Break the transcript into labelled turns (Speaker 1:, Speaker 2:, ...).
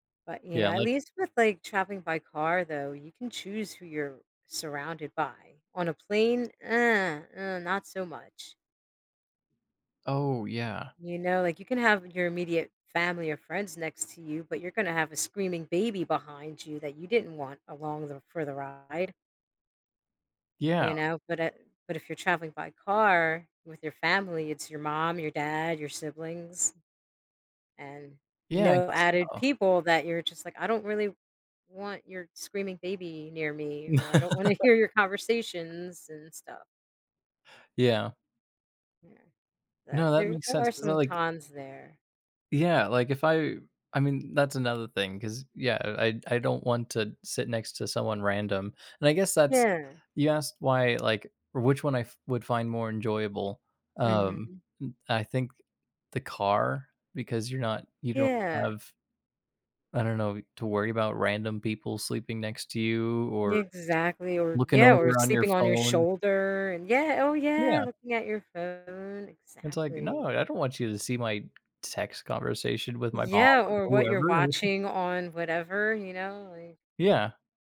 Speaker 1: But, you know,
Speaker 2: Yeah,
Speaker 1: at
Speaker 2: like
Speaker 1: least with, like, traveling by car, though, you can choose who you're surrounded by, on a plane, uh, uh, not so much.
Speaker 2: Oh yeah.
Speaker 1: You know, like, you can have your immediate family or friends next to you, but you're gonna have a screaming baby behind you that you didn't want along the for the ride
Speaker 2: Yeah.
Speaker 1: you know, but it but if you're traveling by car with your family, it's your mom, your dad, your siblings, and
Speaker 2: Yeah, I
Speaker 1: no
Speaker 2: guess
Speaker 1: added
Speaker 2: so.
Speaker 1: people that you're just like, "I don't really want your screaming baby near me," or, "I don't wanna hear your conversations and stuff."
Speaker 2: Yeah.
Speaker 1: Yeah,
Speaker 2: No, that
Speaker 1: there
Speaker 2: makes
Speaker 1: there
Speaker 2: sense,
Speaker 1: are
Speaker 2: 'cause I
Speaker 1: some
Speaker 2: like
Speaker 1: cons there.
Speaker 2: Yeah, like if I I mean, that's another thing, 'cause, yeah, I I I don't want to sit next to someone random, and I guess that's
Speaker 1: Yeah.
Speaker 2: You asked why, like, which one I f would find more enjoyable, um,
Speaker 1: Mhm.
Speaker 2: m I think the car, because you're not you don't
Speaker 1: Yeah.
Speaker 2: have I don't know, w to worry about random people sleeping next to you, or
Speaker 1: Exactly, or
Speaker 2: looking
Speaker 1: Yeah, or
Speaker 2: over on your
Speaker 1: sleeping on your
Speaker 2: phone.
Speaker 1: shoulder, and Yeah, oh yeah,
Speaker 2: Yeah.
Speaker 1: looking at your phone,
Speaker 2: And it's like, "No,
Speaker 1: exactly.
Speaker 2: I don't want you to see my text conversation with my mom
Speaker 1: Yeah, or
Speaker 2: or
Speaker 1: what you're
Speaker 2: whoever.'
Speaker 1: watching on whatever, you know, like
Speaker 2: Yeah.